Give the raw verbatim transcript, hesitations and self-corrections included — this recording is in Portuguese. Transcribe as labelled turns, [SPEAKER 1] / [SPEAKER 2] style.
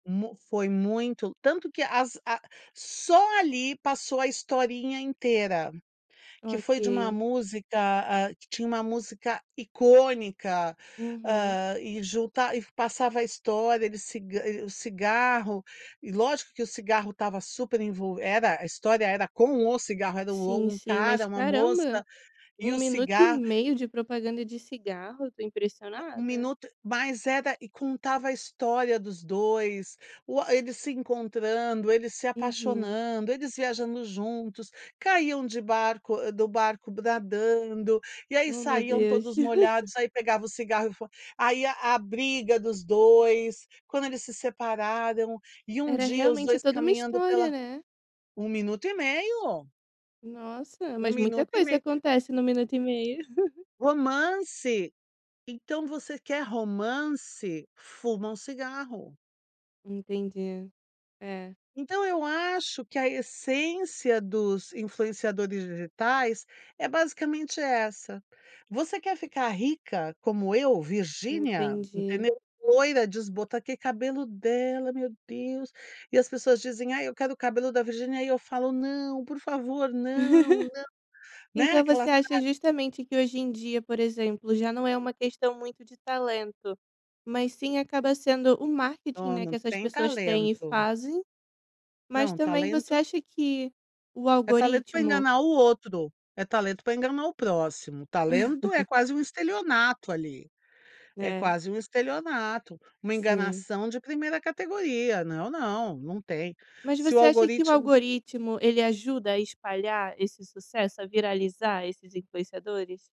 [SPEAKER 1] Mu foi muito, tanto que as a só ali passou a historinha inteira, que foi de uma
[SPEAKER 2] Ok.
[SPEAKER 1] música, ah, que tinha uma música icônica,
[SPEAKER 2] Uhum.
[SPEAKER 1] hã, e junta e passava a história. Ele cig o cigarro, e lógico que o cigarro estava super envo era a história, era com o cigarro. Era
[SPEAKER 2] Sim,
[SPEAKER 1] o um
[SPEAKER 2] sim, mas
[SPEAKER 1] cara, uma moça
[SPEAKER 2] caramba,
[SPEAKER 1] e
[SPEAKER 2] um
[SPEAKER 1] o
[SPEAKER 2] minuto e
[SPEAKER 1] cigarro
[SPEAKER 2] meio de propaganda de cigarro. Tô
[SPEAKER 1] Ma um
[SPEAKER 2] impressionada.
[SPEAKER 1] minuto mas era e contava a história dos dois. U a eles se encontrando, eles se
[SPEAKER 2] Uhum.
[SPEAKER 1] apaixonando, eles viajando juntos, caíam de baroc do barco nadando, e aí
[SPEAKER 2] Oh meu
[SPEAKER 1] saíam
[SPEAKER 2] Deus!
[SPEAKER 1] todos molhados, aí pegava o cigarro, e fo e aí a briga dos dois. Quando eles se separaram, e um
[SPEAKER 2] Era
[SPEAKER 1] dia os
[SPEAKER 2] realmente
[SPEAKER 1] dois
[SPEAKER 2] toda uma
[SPEAKER 1] caminhando
[SPEAKER 2] história,
[SPEAKER 1] pela
[SPEAKER 2] né.
[SPEAKER 1] um minuto e meio.
[SPEAKER 2] Nossa,
[SPEAKER 1] um
[SPEAKER 2] mas muita
[SPEAKER 1] minuto e
[SPEAKER 2] coisa
[SPEAKER 1] meio.
[SPEAKER 2] acontece no um minuto e meio.
[SPEAKER 1] Romance. Então você quer romance, fuma um cigarro.
[SPEAKER 2] Entendi. É.
[SPEAKER 1] Então eu acho que a essência dos influenciadores digitais é basicamente essa: "Você quer ficar rica como eu, Virginia",
[SPEAKER 2] Entendi.
[SPEAKER 1] entendeu? "Loira, desbota" Ah, que cabelo dela, meu Deus. E as pessoas dizem: "Ai, eu quero o cabelo da Virginia." E eu falo: "Não, por favor, não, não", né,
[SPEAKER 2] Então
[SPEAKER 1] aquela.
[SPEAKER 2] você acha
[SPEAKER 1] [unintelligible]
[SPEAKER 2] justamente que hoje em dia, por exemplo, já não é uma questão muito de talento, mas sim acaba sendo marketing,
[SPEAKER 1] Não,
[SPEAKER 2] né. Que
[SPEAKER 1] não
[SPEAKER 2] essas
[SPEAKER 1] tem
[SPEAKER 2] pessoas têm e
[SPEAKER 1] talento.
[SPEAKER 2] fazem, mas
[SPEAKER 1] Não,
[SPEAKER 2] também você
[SPEAKER 1] talento
[SPEAKER 2] acha que o
[SPEAKER 1] É talento pra
[SPEAKER 2] algoritmo
[SPEAKER 1] enganar o outro, é talento pra enganar o próximo. Talento é quase um estelionato ali. É
[SPEAKER 2] É.
[SPEAKER 1] quase um estelionato, uma
[SPEAKER 2] Sim.
[SPEAKER 1] enganação de primeira categoria. Não, não, não tem.
[SPEAKER 2] Mas
[SPEAKER 1] Se o
[SPEAKER 2] você acha que o
[SPEAKER 1] algoritmo
[SPEAKER 2] algoritmo, ele ajuda a espalhar esse sucesso, a viralizar esses influenciadores?